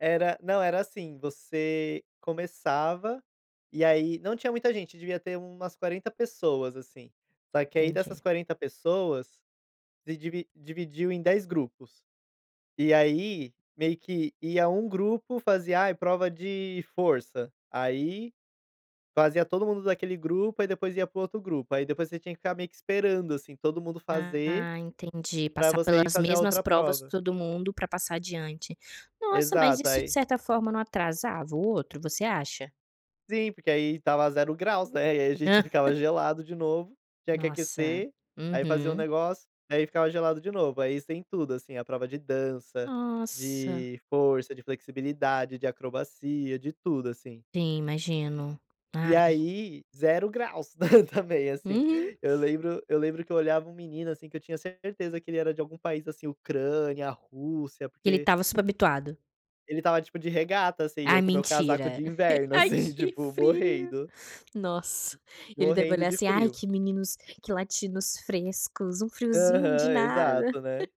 Era não era assim, você começava e, aí, não tinha muita gente, devia ter umas 40 pessoas assim, só que, aí, dessas Entendi. 40 pessoas de divi dividiu em 10 grupos. E, aí, meio que ia um grupo fazia, ai, prova de força, aí fazia todo mundo daquele grupo, aí, depois ia para o outro grupo, aí, depois você tinha que ficar meio que esperando assim todo mundo fazer Ah entendi, para passar você ir pelas fazer a mesmas outra provas prova. todo mundo para passar adiante. Nossa, mas Exato, isso de aí certa forma não atrasava o outro você acha? Sim, porque aí estava 0 graus, né, e, aí, a gente ficava gelado de novo, tinha que Nossa! aquecer, aí, fazia o Uhum. negócio, aí, ficava gelado de novo, aí, isso tem tudo assim, a prova de dança, Nossa! de força, de flexibilidade, de acrobacia, de tudo assim. Sim, imagino, E, ai. aí, 0 graus também assim. Uhum. Eu lembro eu lembro que eu olhava um menino assim que eu tinha certeza que ele era de algum país assim, Ucrânia, Rússia, Que ele porque estava super habituado. ele estava tipo de regata assim, Ah eu com meu casaco mentira. de inverno Ai assim que tipo, frio, morrendo. nossa. Ele deve morrendo olhar de assim: "Ai, frio. que meninos que latinos frescos, um friozinho de Aham, nada.". exato né.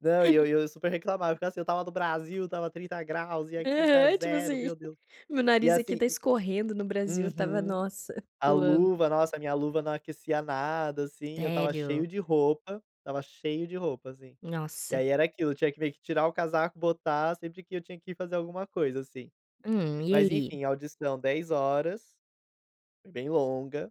Não e eu e eu super reclamava eu ficava assim eu estava no Brasil, estava 30 graus e aqui está Aham, tipo 0, assim, meu Deus. meu E nariz aqui assim está e, escorrendo, no Brasil eu estava, uhum, nossa, a suando. luva nossa, a minha luva não aquecia nada assim, eu estava cheio Sério? de roupa, estava cheio de roupa assim. E Nossa! aí era aquilo, eu tinha que meio que tirar o casaco, botar, sempre que eu tinha que ir fazer alguma coisa, assim. Hum, e Mas aí? enfim, audição 10 horas foi bem longa.